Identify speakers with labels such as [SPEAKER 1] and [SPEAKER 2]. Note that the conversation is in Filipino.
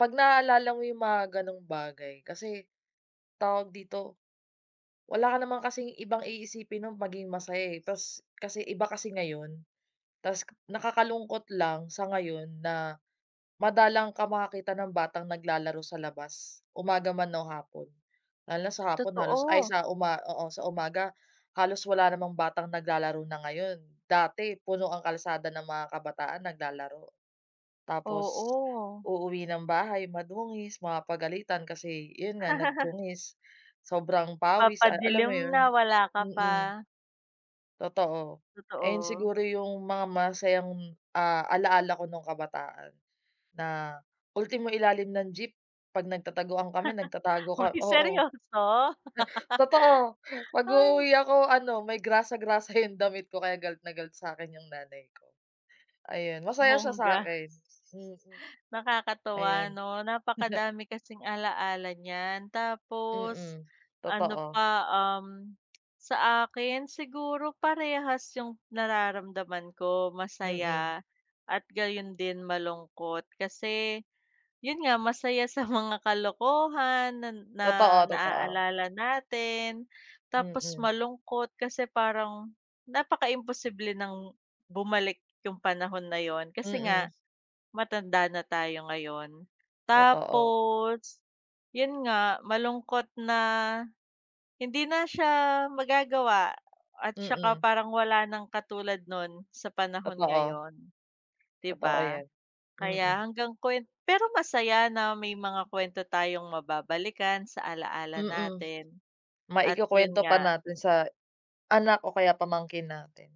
[SPEAKER 1] 'Pag naaalala mo yung mga ganung bagay kasi, tawag dito? Wala ka naman kasing ibang iisipin nung maging masaya eh, tas kasi iba kasi ngayon. Tas nakakalungkot lang sa ngayon, na madalang ka makakita ng batang naglalaro sa labas, umaga man o hapon. Lalo na sa hapon halos ay
[SPEAKER 2] Totoo.
[SPEAKER 1] sa uma oo sa umaga halos wala namang batang naglalaro na ngayon, dati puno ang kalsada ng mga kabataan naglalaro. Tapos,
[SPEAKER 2] Oo.
[SPEAKER 1] uuwi ng bahay madungis, mapapagalitan kasi yun nga nagdungis, sobrang pawis ay alam mo
[SPEAKER 2] Papadilim
[SPEAKER 1] yun?
[SPEAKER 2] na wala ka
[SPEAKER 1] Mm.
[SPEAKER 2] pa.
[SPEAKER 1] Totoo. Ayan
[SPEAKER 2] Totoo.
[SPEAKER 1] siguro yung mga masasayang ah, alaala ko nung kabataan. Na ultimo ilalim ng jeep pag nagtataguan kami nagtatago ka
[SPEAKER 2] Hoy
[SPEAKER 1] oo.
[SPEAKER 2] seryoso?
[SPEAKER 1] Totoo,
[SPEAKER 2] Hay.
[SPEAKER 1] pag-uuwi ako ano may grasa, grasa yung damit ko kaya galit na galit sa'kin yung nanay ko. Ayun masaya siya
[SPEAKER 2] Bongga.
[SPEAKER 1] sa'kin. Hmm.
[SPEAKER 2] Nakakatuwa
[SPEAKER 1] Ayun.
[SPEAKER 2] no napakadami kasing alaala niyan. Tapos
[SPEAKER 1] Mm,
[SPEAKER 2] ano
[SPEAKER 1] totoo.
[SPEAKER 2] pa, um, sa akin siguro parehas yung nararamdaman ko,
[SPEAKER 1] Mm.
[SPEAKER 2] masaya at gayon din malungkot. Kasi yun nga masaya sa mga kalokohan nan na
[SPEAKER 1] Totoo, totoo.
[SPEAKER 2] naaalala natin. Tapos
[SPEAKER 1] Mm.
[SPEAKER 2] malungkot kasi parang napakaimposible nang bumalik yung panahon na yun. Kasi nga,
[SPEAKER 1] Mm.
[SPEAKER 2] matanda na tayo ngayon.
[SPEAKER 1] Totoo.
[SPEAKER 2] Tapos yun nga malungkot na hindi na siya magagawa at tsaka
[SPEAKER 1] Mm.
[SPEAKER 2] parang wala nang katulad nun sa panahon
[SPEAKER 1] Totoo.
[SPEAKER 2] ngayon. 'Di
[SPEAKER 1] Totoo
[SPEAKER 2] ba?
[SPEAKER 1] yan,
[SPEAKER 2] Kaya
[SPEAKER 1] mm.
[SPEAKER 2] hanggang kuwen pero masaya na may mga kwento tayong mababalikan sa alaala
[SPEAKER 1] Mm.
[SPEAKER 2] natin at yun
[SPEAKER 1] Maikukuwento pa
[SPEAKER 2] nga.
[SPEAKER 1] natin sa anak o kaya pamangkin natin.